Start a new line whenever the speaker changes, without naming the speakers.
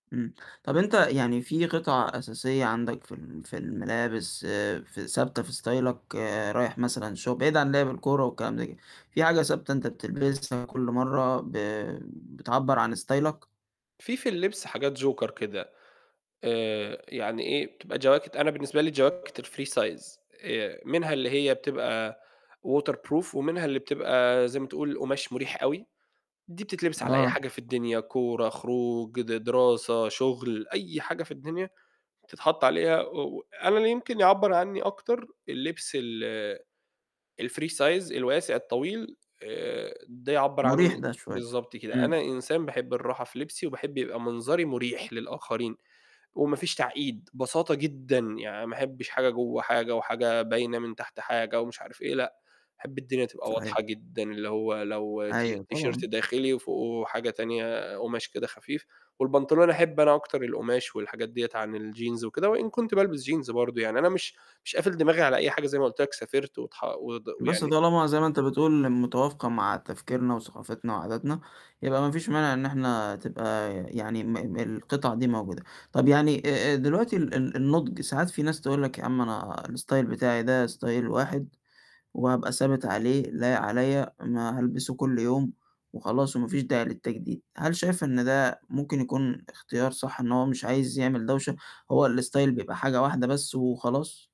إمم، طَب أنت يعني في قطعة أساسية عندك في ال في الملابس آآ، في ثابتة في ستايلك آآ رايح مثلًا شغل، بعيد عن لِعْب الكورة والكلام ده كده، في حاجة ثابتة أنت بتلبسها كُلّ مرّه ب بتعبّر عن ستايلك؟
في في اللبس حاجات Joker كده آآ، يعني إيه، بتبقى جواكت أنا بالنسبة لي جواكت الfree size آآ، منها اللي هي بتبقى waterproof ومنها اللي بتبقى زي ما تقول قُماش مُريح أوي، دي بتتلبس على أي
آه.
حاجة في الدنيا كورة، خروج، د دراسة، شُغل أي حاجة في الدنيا، بتتحَط عليها و و أنا اللي يمكن يعبّر عنّي أكتر اللبس ال الfree size الواسع الطويل آآ، ده يعبّر
مُريح
عنّي
ده شوية.
بالضبط كده،
إمم.
أنا إنسان باحب الراحة في لبسي، وباحب يبقى منظري مُريح للآخرين، وما فيش تعقيد بساطة جدًا، يعني ما أحبش حاجة جوّه حاجة، وحاجة باينة من تحت حاجة، ومش عارف إيه، لأ، أحب الدنيا تبقى
صحيح.
واضحة جدًا، اللي هو لو تي
أيوه،
تيشيرت
طبعًا.
داخلي وفوقُه حاجة تانية قُماش كده خفيف، والبنطلون، أحب أنا أكتر القُماش والحاجات دِيَّة عن الجينز وكده، وإن كنت بالبس جينز برضه يعني أنا مش مش قافل دماغي على أي حاجة زي ما قُلت لك، سافرت وتح ود
بُصّ،
ويعني
طالما زي ما أنت بتقول متوافقة مع تفكيرنا وثقافتنا وعاداتنا، يبقى ما فيش مانع إن إحنا تبقى يعني م م القطعة دي موجودة، طَب يعني آآ، دلوقتي ال ال النُضج ساعات في ناس تقول لك يا عَم أنا الستايل بتاعي ده ستايل واحد وهابقى ثابت عليه لايق عليَّ، ما هالبسه كُلّ يوم وخلاص، وما فيش داعي للتجديد، هل شايف إن ده ممكن يكون اختيار صح إن هو مش عايز يعمل دوشة هو الستايل بيبقى حاجة واحدة بس وخلاص؟